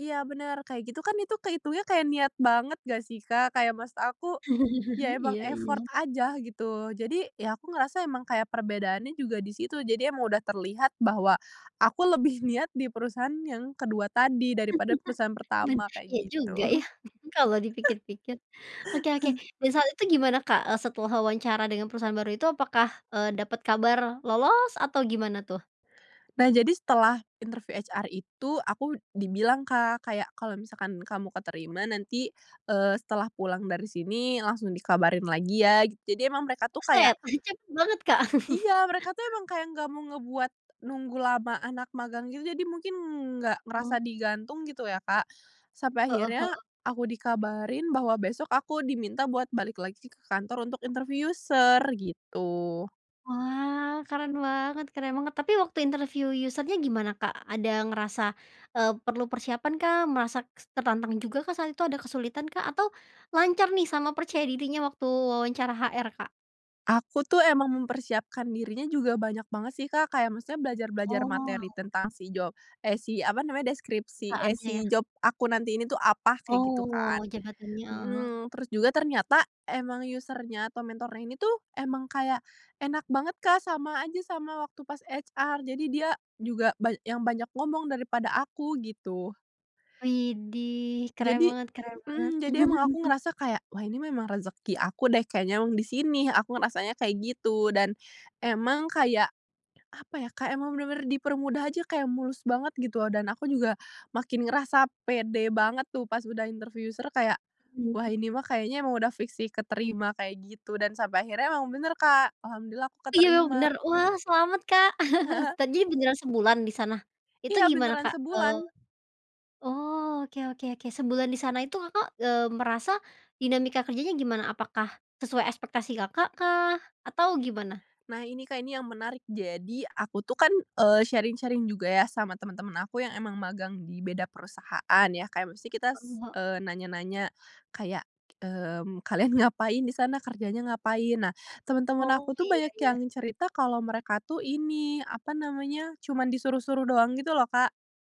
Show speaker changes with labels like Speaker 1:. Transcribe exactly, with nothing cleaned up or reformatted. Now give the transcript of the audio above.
Speaker 1: Iya, bener, kayak gitu kan, itu keitungnya kayak niat banget nggak sih, Kak? Kayak maksud aku ya, emang
Speaker 2: Iya iya.
Speaker 1: effort aja, gitu. Jadi ya, aku ngerasa emang kayak perbedaannya juga di situ, jadi emang udah terlihat bahwa aku lebih niat di perusahaan yang ke dua tadi, daripada perusahaan pertama, kayak
Speaker 2: Iya,
Speaker 1: gitu.
Speaker 2: juga ya, kalau dipikir-pikir. Oke oke, dan saat itu gimana, Kak, setelah wawancara dengan perusahaan baru itu, apakah, eee, dapat kabar lolos atau gimana, tuh?
Speaker 1: Nah, jadi setelah interview HR itu aku dibilang, Kak, kayak, "Kalau misalkan kamu keterima nanti, eee, setelah pulang dari sini langsung dikabarin lagi, ya". Jadi emang mereka tuh kayak
Speaker 2: Buset, e cepet banget, Kak.
Speaker 1: iya, mereka tuh emang kayak nggak mau ngebuat nunggu lama anak magang, juga. Jadi mungkin nggak ngerasa
Speaker 2: Oh.
Speaker 1: digantung, gitu ya, Kak, sampai
Speaker 2: Heeh
Speaker 1: akhirnya
Speaker 2: heeh.
Speaker 1: aku dikabarin bahwa besok aku diminta buat balik lagi ke kantor untuk interview user, gitu.
Speaker 2: Wah, keren banget keren banget. Tapi waktu interview user-nya gimana, Kak? Ada ngerasa, eee, perlu persiapan kah? Merasa s tertantang juga kah saat itu? Ada kesulitan kah? Atau lancar nih sama percaya dirinya waktu wawancara HR, Kak?
Speaker 1: Aku tuh emang mempersiapkan dirinya juga banyak banget sih, Kak, kayak maksudnya belajar-belajar materi
Speaker 2: Oalah.
Speaker 1: tentang si job eh, si, apa namanya, deskripsi eh,
Speaker 2: Saatnya, ya.
Speaker 1: si job aku nanti ini tuh apa kayak, gitu kan.
Speaker 2: Oh, jabatannya, heeh heeh.
Speaker 1: Mhm, terus juga ternyata emang user-nya atau mentornya ini tuh emang kayak enak banget, Kak, sama aja sama waktu pas HR jadi dia juga ba yang banyak ngomong daripada aku, gitu.
Speaker 2: Widih, keren
Speaker 1: Jadi
Speaker 2: banget keren banget.
Speaker 1: mhm, jadi emang aku ngerasa kayak, "Wah, ini memang rezeki aku deh, kayaknya emang di sini", aku ngerasanya kayak gitu, dan emang kayak, apa ya, kayak emang bener-bener dipermudah aja, kayak mulus banget, gitu, dan aku juga makin ngerasa pede banget tuh, pas udah interview user, kayak, "Wah, ini mah kayaknya emang udah fiks sih keterima", kayak gitu dan sampai akhirnya memang bener, Kak, Alhamdulillah, aku
Speaker 2: Iya, bener,
Speaker 1: keterima.
Speaker 2: wah, selamat, Kak! tardinya beneran sebulan di sana itu
Speaker 1: Iya,
Speaker 2: gimana,
Speaker 1: beneran
Speaker 2: Kak? Eee,
Speaker 1: sebulan.
Speaker 2: oh, oke oke oke, sebulan di sana itu Kakak, eee, merasa dinamika kerjanya gimana? Apakah sesuai ekspektasi Kakak kah? Atau gimana?
Speaker 1: Nah, ini Kak, ini yang menarik, jadi aku tuh kan, eee, sharing-sharing juga ya, sama temen-temen aku yang emang magang di beda perusahaan, ya. Kayak maksudnya, eee, kita
Speaker 2: Mhm ha
Speaker 1: nanya-nanya kayak, mmm, kalian ngapain di sana? Kerjanya ngapain? Nah, temen-temen
Speaker 2: Oh,
Speaker 1: aku tuh
Speaker 2: iya,
Speaker 1: banyak yang
Speaker 2: iya.
Speaker 1: cerita kalau mereka tuh ini, apa namanya, cuman disuruh-suruh doang, gitu loh, Kak.